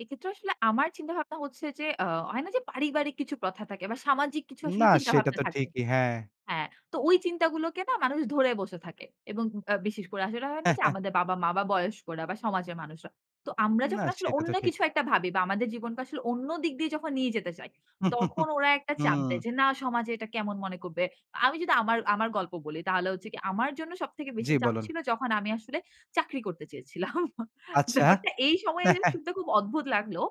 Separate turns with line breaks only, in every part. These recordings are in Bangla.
এক্ষেত্রেও আসলে আমার চিন্তা ভাবনা হচ্ছে যে, আ হয় না যে, পারিবারিক কিছু কথা থাকে বা সামাজিক কিছু
না
আসলে
সেটা
চিন্তাভাবনা
তো
থাকে।
ঠিকিই, হ্যাঁ।
হ্যাঁ, তো ওই চিন্তাগুলোকে না মানুষ ধরে বসে থাকে। এবং ব্যা বিশেষ করে আসলে হয় না যে, আমাদের বাবা-মা বা বয়স্করা বা সমাজের মানুষরা। তো আমরা
না
যখন আসলে
সেটা তো
অন্য
ঠিক।
কিছু একটা ভাবি বা আমাদের জীবনকে আসলে অন্য দিক দিয়ে যখন নিয়ে যেতে চাই, তখন ওরা একটা চাপ দেয়,
উম
যে, না সমাজে এটা কেমন মনে করবে। আমি যদি আমার, আমার গল্প বলি তাহলে হচ্ছে কি, আমার জন্য সবথেকে
জি,
বেশি চাপ
বলুন।
ছিল যখন আমি আসলে চাকরি করতে চেয়েছিলাম।
আচ্ছা।
ব্যাপারটা এই সময়ে এসে শুতে খুব অদ্ভুত লাগলোও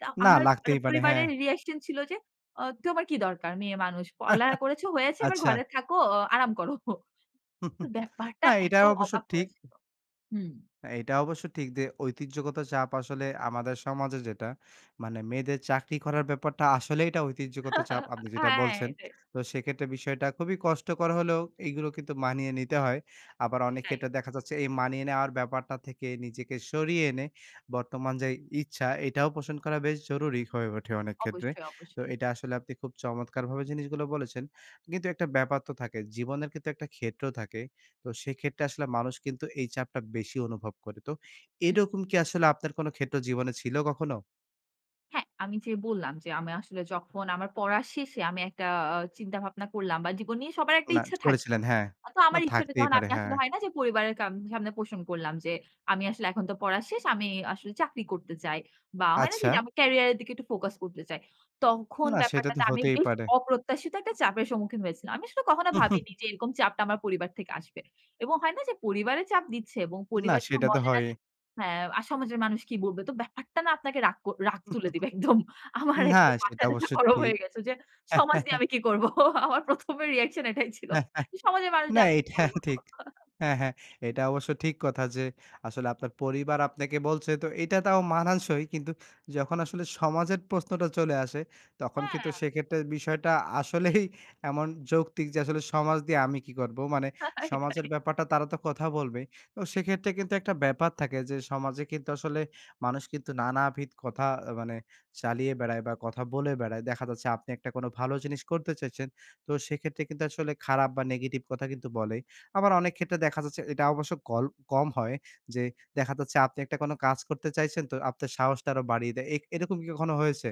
তা
না
আমার মানে
লাগতেই পারে, হ্যাঁ।
পরিবারের reaction ছিল যে, আ তোমার কি দরকার? মেয়ে মানুষ। পরালেখা করেছ হয়েছে এবার
আচ্ছা।
ঘরে থাকো অ আরাম করো। তো ব্যাপারটা
না, এটা
এত
অবশ্য
অবাক
ঠিক।
হয়েছিল, হুম।
এটা অবশ্য ঠিক যে, ঐতিহ্যগত চাপ আসলে আমাদের সমাজে যেটা মানে মেয়েদের চাকরি করার ব্যাপারটা আসলেই এটা ঐতিহ্যগত চাপ আপনি যেটা
হ্যাঁ,
বলছেন।
এটাই।
তো সেক্ষেত্রে বিষয়টা খুবই কষ্টকর হলেও এগুলো কিন্তু মানিয়ে নিতে হয়। আবার অনেকে
এটাই।
এটা দেখা যাচ্ছে এই মানিয়ে নেওয়ার ব্যাপারটা থেকে নিজেকে সরিয়ে এনে বর্তমান যে, ইচ্ছা এটাও পোষণ করা বেশ জরুরি হয়ে ওঠে অনেক ক্ষেত্রে।
অবশ্যই,
তো
অবশ্যই।
এটা আসলে আপনি খুব চমৎকারভাবে জিনিসগুলো বলেছেন। কিন্তু একটা ব্যাপার তো থাকে। জীবনের ক্ষেত্রে একটা ক্ষেত্র থাকে। তো সেক্ষেত্রে আসলে মানুষ কিন্তু এই চাপটা বেশি অনুভব করে। তো
হুম।
এরকম কি আসলে আপনার কোন ক্ষেত্র জীবনে ছিলো কখনো?
হ্যাঁ, আমি যে, বললাম যে, আমি আসলে যখন আমার পড়ার শেষে আমি একটা আ চিন্তা ভাবনা করলাম বা জীবন নিয়ে সবার একটা
না
ইচ্ছা থাকে।
করেছিলেন, হ্যাঁ।
আতো
না
আমার ইচ্ছাটা
থাকতেই
যখন
পারে
আমি
হ্যাঁ।
আসলে হয় না যে, পরিবারের কাম সামনে পোষণ করলাম যে, আমি আসলে এখন তো পড়ার শেষ। আমি আসলে চাকরি করতে চাই। বা হয় না যে,
আচ্ছা।
যে, আমি career এর দিকে একটু focus করতে চাই। তখন
না, সেটা তো
ব্যাপারটাতে আমি
হতেই
বেশ
পারে।
অপ্রত্যাশিত একটা চাপের সম্মুখীন হয়েছিলাম। আমি আসলে কখনো ভাবিনি যে, এরকম চাপটা আমার পরিবার থেকে আসবে। এবং হয় না যে, পরিবারে চাপ দিচ্ছে এবং
না,
পরিবার যখন
সেটা তো
বলে না
হয়ই।
যে, হ্যাঁ, আর সমাজের মানুষ কি বলবে? তো ব্যাপারটা না আপনাকে রাগ কর রাগ তুলে দিবে। একদম। আমার
না,
একদম
সেটা
মাথা-টাথা
অবশ্যই
গরম
ঠিক।
হয়ে গেছে যে, সমাজ দিয়ে আমি কি করব? আমার ১ম, রিঅ্যাকশন এটাই ছিল। সমাজের মানুষ
না
দিয়ে আমি কি
এটা
করব?
ঠিক। হ্যাঁ, হ্যাঁ, এটা অবশ্য ঠিক কথা যে, আসলে আপনার পরিবার আপনাকে বলছে তো এটা তাও মানানসই কিন্তু যখন আসলে সমাজের প্রশ্নটা চলে আসে তখন কিন্তু
হ্যাঁ।
সেক্ষেত্রে বিষয়টা আসলেই এমন যৌক্তিক যে, আসলে সমাজ দিয়ে আমি কি করবো? মানে
রাইট,
সমাজের
রাইট।
ব্যাপারটা তারা তো কথা বলবেই। তো সেক্ষেত্রে কিন্তু একটা ব্যাপার থাকে যে, সমাজে কিন্তু আসলে মানুষ কিন্তু নানাবিধ কথা মানে চালিয়ে বেড়ায় বা কথা বলে বেড়ায়। দেখা যাচ্ছে আপনি একটা ভালো জিনিস করতে চাইছেন। তো সেক্ষেত্রে কিন্তু আসলে খারাপ বা নেগেটিভ কথা কিন্তু বলেই। আবার অনেক ক্ষেত্রে দেখা যাচ্ছে এটা অবশ্য কল, কম হয় যে, দেখা যাচ্ছে আপনি একটা কোনো কাজ করতে চাইছেন তো আপনার সাহসটা আরো বাড়িয়ে দেয়। এই, এরকম কি কখনো হয়েছে?